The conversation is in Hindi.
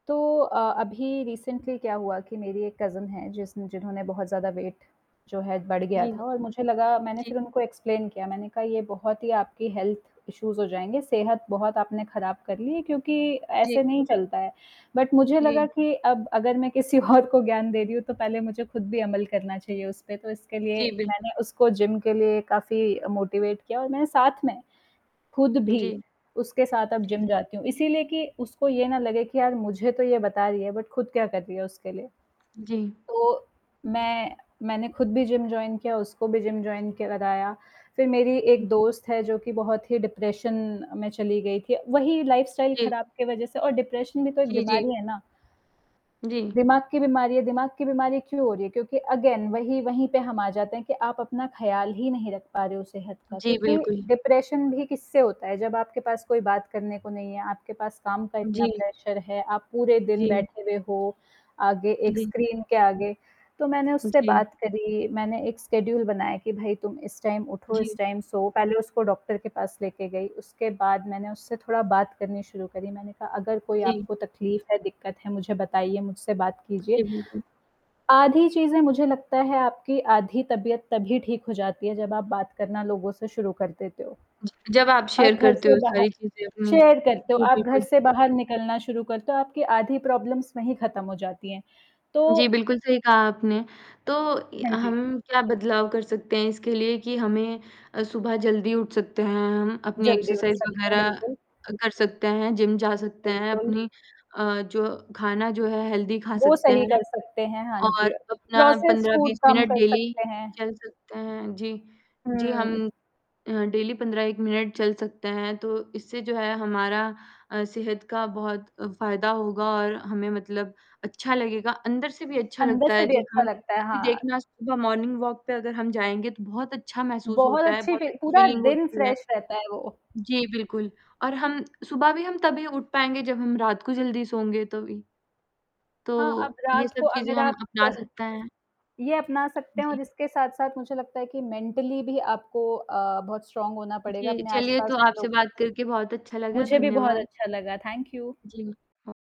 तो अ, अभी रिसेंटली क्या हुआ कि मेरी एक कज़िन है जिसन जिन्होंने बहुत ज़्यादा वेट जो है बढ़ गया जी, हाँ। था और मुझे लगा मैंने जी, फिर हाँ। उनको एक्सप्लेन किया मैंने कहा ये बहुत ही आपकी हेल्थ इश्यूज़ हो जाएँगे सेहत बहुत आपने ख़राब कर ली क्योंकि जी। ऐसे नहीं चलता है। बट मुझे लगा जी। कि, अब अगर मैं किसी और को ज्ञान दे रही हूँ तो पहले मुझे खुद भी अमल करना चाहिए उस पे, तो इसके लिए जी, बिल्कुल। मैंने उसको जिम के लिए काफ़ी अ, मोटिवेट किया और मैंने साथ में, खुद जी। भी उसके साथ अब जी। जिम जाती हूँ इसीलिए कि उसको ये ना लगे कि यार मुझे तो ये बता रही है बट खुद क्या कर रही है उसके लिए। जी। तो मैं मैंने खुद भी जिम जॉइन किया उसको भी जिम जॉइन के लगाया। फिर मेरी हुँ, एक जी। दोस्त है जो कि बहुत ही डिप्रेशन में चली गई थी वही लाइफ़स्टाइल जी। ख़राब के वजह से, और डिप्रेशन भी तो एक जी, जी। बीमारी, है ना? जी। दिमाग की बीमारी, दिमाग की बीमारी क्यों हो रही है? क्योंकि अगेन वहीं, वहीं पे हम आ जाते हैं कि आप अपना ख़राबल ही नहीं रख पा रहे हो सेहत का जी, क्योंकि बिल्कुल। डिप्रेशन भी किससे होता है? जब आपके पास कोई बात करने को नहीं है, आपके पास काम का इतना जी। प्रेशर है, आप पूरे दिन जी। बैठे हुए हो, आगे एक जी। स्क्रीन के आगे, तो मैंने हुँ, उससे जी। बात करी मैंने एक स्केड्यूल बनाया कि भई तुम इस टाइम उठो इस जी। Time so. पहले उसको डॉक्टर के पास लेके गई उसके बाद मैंने उससे थोड़ा बात करनी शुरू करी मैंने कहा अगर उ, कोई जी। आपको तकलीफ़ है दिक्कत है मुझे बताइए मुझसे बात उ, कीजिए। जी, बिल्कुल। आधी चीज़ें मुझे लगता है आपकी आधी तबियत तभी ठीक हो जाती है जब आप बात करना लोगों से शुरू कर देते हो। ज जब आप अब शेयर घर करते से हो बाहर सारी चीज़ें अपनी, शेयर करते हो जी आप घर बिल्कुल। से बाहर निकलना शुरू कर तो आपकी आधी प्रॉब्लम्स वहीं खत्म हो जाती हैं। तो जी, बिल्कुल, सही कहा आपने। तो य हाँ जी। हम क्या बदलाव कर सकते हैं इसके लिए कि हमें अ, सुबह जल्दी उठ सकते हैं, हम अपनी जल्दी हो एक्सरसाइज़ सकता है, वग़ैरह बिल्कुल। अ, कर सकते हैं, जिम जा सकते हैं, बिल्कुल। अपनी अ, जो खाना जो है हेल्थी खा वो सकते सही हैं। कर सकते हैं, हाँ जी। और अ, अपना प्रोसेस्ड पंद्रह फूड बीस कम मिनट कर डेली सकते हैं। चल सकते हैं। जी, जी, हुँ। हम अ, डेली 15-1 मिनट चल सकते हैं, तो इससे जो है हमारा अ, सेहत का बहुत अ, फ़ायदा होगा और हमें मतलब अच्छा लगेगा। अंदर से भी अच्छा अंदर लगता से है भी जब अच्छा हम लगता है। कभी हाँ। देखना है सुबह मॉर्निंग वॉक पे अगर हम जाएँगे तो बहुत अच्छा महसूस बहुत होता है, अच्छी बहुत भी पूरा फ़ीलिंग दिन होती है। फ़्रेश रहता है वो। जी बिल्कुल, और हम सुबह भी हम तभी उठ पाएँगे जब हम रात को जल्दी सोंगे तभी। तो हाँ, अब ये रात को सब चीज़ें अगर हम आप अपना सकते हैं। ये अपना सकते उ, हैं और जी। इसके साथ-साथ मुझे लगता है कि मेंटली भी आपको अ, बहुत स्ट्रॉन्ग होना पड़ेगा जी, अपने चलिए तो आस-पास आपसे लोग बात करके बहुत अच्छा लगा, मुझे भी बहुत धन्यवाद। अच्छा लगा, थैंक यू। जी, हाँ।